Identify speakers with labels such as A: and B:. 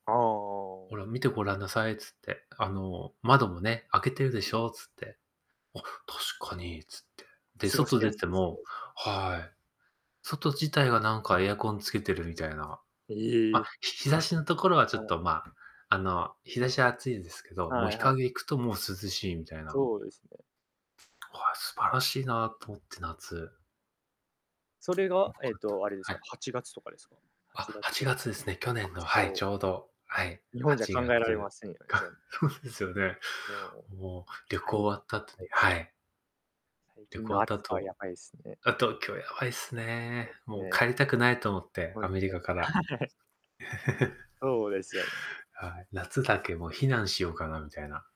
A: ああああ
B: 「ほ
A: ああ。
B: ら、見てごらんなさい」っつって、「あの、窓もね、開けてるでしょ」っつって。「あっ、確かに」つって。で、
A: 過ごし
B: 外出
A: や
B: て
A: すいすね、
B: も
A: じゃあ。
B: はい、外自体がなんかエアコンつけてるみたいな。
A: え
B: まあ、
A: え。
B: ひ日差しのところはちょっ
A: は
B: とまあ、あの、日差しは暑いですけど、もう
A: は
B: 日
A: いはい。
B: 陰行くともう涼しいみたいな。
A: そうですね。
B: あ、素晴らしいなと思って、夏。
A: それ
B: え、
A: が、
B: わ
A: えっ
B: かったん
A: と、あ
B: だ、
A: れです
B: は
A: か、
B: い。
A: 8月とかですか？は
B: あ、
A: ちが
B: は
A: つこ
B: ちが
A: ろ。
B: つですね、去
A: あ、
B: 年の、はい、
A: そう。
B: ちょうど、はい。
A: 日本
B: は
A: じゃ
B: ち
A: 考え
B: が
A: られま
B: つ。
A: せんよね、
B: か
A: そ
B: そうですよね。
A: もう、
B: もう旅
A: 大気
B: 行
A: や
B: 終わった後
A: ば
B: に
A: いす。
B: はい。
A: 最
B: 旅
A: 近
B: 行終
A: の
B: わった
A: 暑さは
B: 後
A: やばいすね。
B: あ、東京やばいっす
A: ほんと
B: ね、
A: ばい
B: もう
A: すね。
B: 帰りたくないと思って、
A: ほん
B: アメリ
A: と、
B: カから。
A: はい。そうですよね。
B: はい、夏だけもう避難しようかなみたいな。